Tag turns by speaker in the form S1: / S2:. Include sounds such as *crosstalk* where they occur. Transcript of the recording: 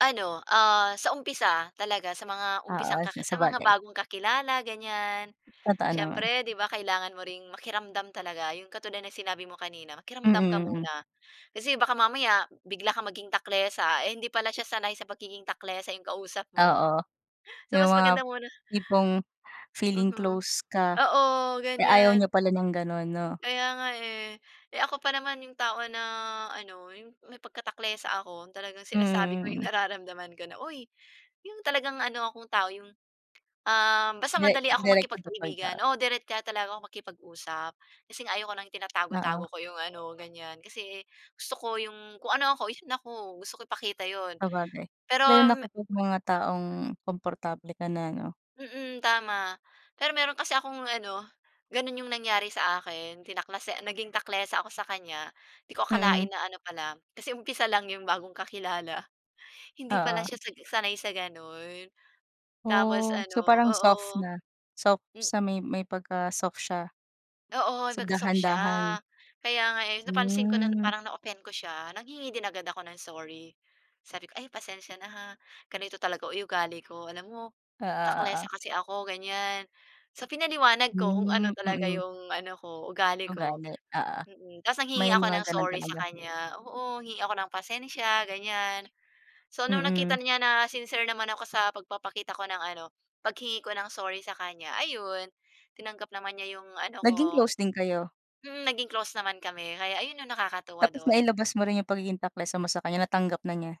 S1: Ano, ah, sa umpisa, talaga sa mga
S2: Oo,
S1: umpisang
S2: s
S1: kaki sa mga
S2: sabagay.
S1: bagong kakilala, ganyan.
S2: Totoo naman.
S1: Siyempre, 'di ba, kailangan mo ring makiramdam talaga. 'Yong katulad ng sinabi mo kanina, makiramdam ka
S2: Mm. Hmm.
S1: muna. Kasi baka mamaya, bigla kang maging taklesa, eh, hindi pala siya sanay sa pagiging taklesa 'yong kausap mo.
S2: Oo,
S1: *chuckles* So,
S2: yung
S1: mas
S2: mga
S1: maganda muna
S2: tipong feeling
S1: Mhm,
S2: close ka,
S1: oo,
S2: eh, ayaw niya
S1: ganyan.
S2: pala ng gano'n, 'no?
S1: Kaya nga, eh. Eh, ako pa naman 'yong tao na ano, 'yong may pagka-taklesa ako. Talagang
S2: Hmm,
S1: sinasabi ko yung
S2: mm.
S1: nararamdaman ko na, "Uy!" 'Yong talagang ano akong tao, yung um basta
S2: Dire
S1: madali akong
S2: direct to the point,
S1: makipagkaibigan.
S2: oo.
S1: Oo, direkta talaga akong makipag-usap. Kasi nga ayaw ko ng tinatago-tago
S2: Oo.
S1: ko 'yong ano, ganyan. Kasi gusto ko, 'yong kung ano ako, yun ako. Gusto ko ipakita 'yon.
S2: Sabagay,
S1: Pero
S2: dahil na
S1: me
S2: kapag mga taong komportable ka na, 'no?
S1: Mm, tama. Pero meron kasi akong ano, gano'n 'yong nangyari sa akin tinaklase naging taklesa ako sa kanya. 'Di ko akalain
S2: Mm.
S1: na ano pala kasi umpisa lang 'yong bagong kakilala, hindi pala
S2: Oo.
S1: siya sag sanay sa gano'n. Tapos
S2: Oh, so
S1: ano
S2: parang
S1: oo.
S2: soft na, soft
S1: Hmm.
S2: sa may may pagka-soft siya.
S1: Oo,
S2: So,
S1: naka-soft siya.
S2: dahan-dahan.
S1: Kaya nga eh, napansin ko na
S2: Hmm.
S1: parang na-offend ko siya. Nanghingi din agad ako ng sorry. Sabi ko, "Ay pasensiya na ha, ganito talaga o yu ugali ko. Alam mo
S2: Oo
S1: taklesa
S2: oo.
S1: kasi ako." Ganyan. So, pinaliwanag ko kung ano
S2: Hmm,
S1: talaga
S2: mm.
S1: 'yong ano ko, ugali ko.
S2: Ugali, oo.
S1: Mm, tapos
S2: May
S1: nanghingi ako
S2: mga
S1: ng
S2: ganon
S1: sorry sa
S2: talaga.
S1: kanya. Oo, hingi ako ng pasensiya ganyan. So nung nakita
S2: Mm.
S1: niya na sincere naman ako sa pagpapakita ko ng ano, paghingi ko ng sorry sa kanya, ayun, tinanggap naman niya yung ano ko.
S2: Naging close din kayo?
S1: Mm, naging close naman kami, kaya ayun yung nakakatuwa
S2: Tapos
S1: dun.
S2: nailabas mo rin yung pagiging taklesa mo sa kanya, natanggap na niya?